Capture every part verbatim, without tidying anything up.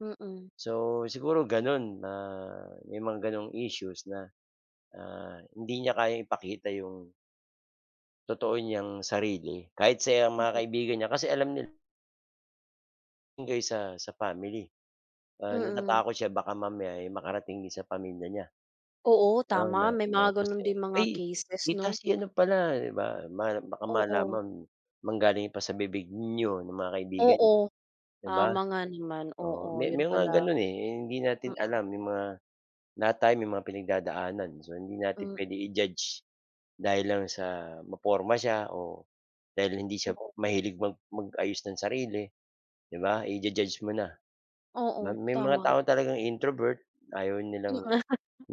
Mm. So, siguro gano'n na may mga ganong issues na, na hindi niya kayang ipakita yung, totoo niyang sarili kahit sa mga Mm. kaibigan niya kasi alam niya kaysa, sa family. Ah, Mm. natatakot siya baka mamaya, eh, makarating din sa pamilya niya, Oo, 'no na tama may na mga tapos gano'n yun, din mga "ay cases tita 'no. si ano pala" 'di ba baka Oo. malaman, manggaling pa sa bibig niyo ng mga kaibigan nya, Oo, 'di ba? tama nga naman, Oo, oo may yun may mga pala. gano'n, eh, hindi natin Mm. alam yung mga, lahat tayo may mga pinagdadaanan so hindi natin M puwede i-judge, dahil lang sa maporma siya o, dahil hindi siya Oo. mahilig mag mag-ayos ng sarili, 'di ba i-ju-judge mo na. Ma Oo, may mga tama. tao talagang introvert ayaw M nilang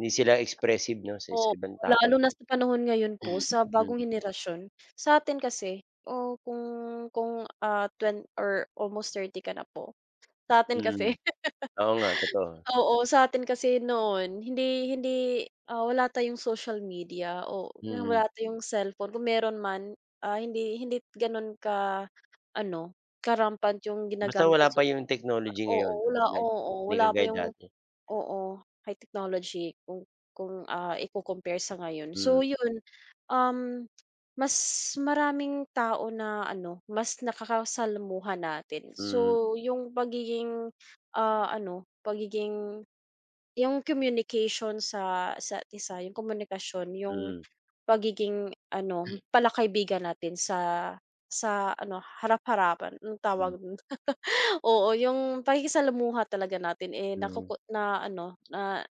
hindi sila expressive 'no, sa sa Opo, ibang tao. lalo na sa panahon ngayon po Hmm. sa bagong henerasyon, sa'tin kasi oo kung kung, ah, twen or almost thirty ka na po, sa'tin Mm, kasi oo nga totoo. Oo sa'tin kasi noon hindi hindi, ah, wala tayong social media oo Mm. wala tayong cellphone kung mayro'n man, ah, hindi hindi gano'n ka-ano, ka-rampant yung Basta ginagamit wala ng pa social media. yung technology Oo ngayon, wala, like oo 'di wala pa kagaya yung dati. oo, high technology kung, kung, ah, ico-compare sa ngayon, so Mm. yun, um, mas maraming tao na ano mas nakakasalamuha natin Mm. so yung pagiging, ah, ano pagiging yung communication sa sa isa't-isa yung komunikasyon yung Mm. pagiging ano pala-kaibigan natin sa, sa ano harap harapan anong tawag Hmm. do'n? Oo, yung pakikisalamuha talaga natin, eh, Hmm. nakoko na ano na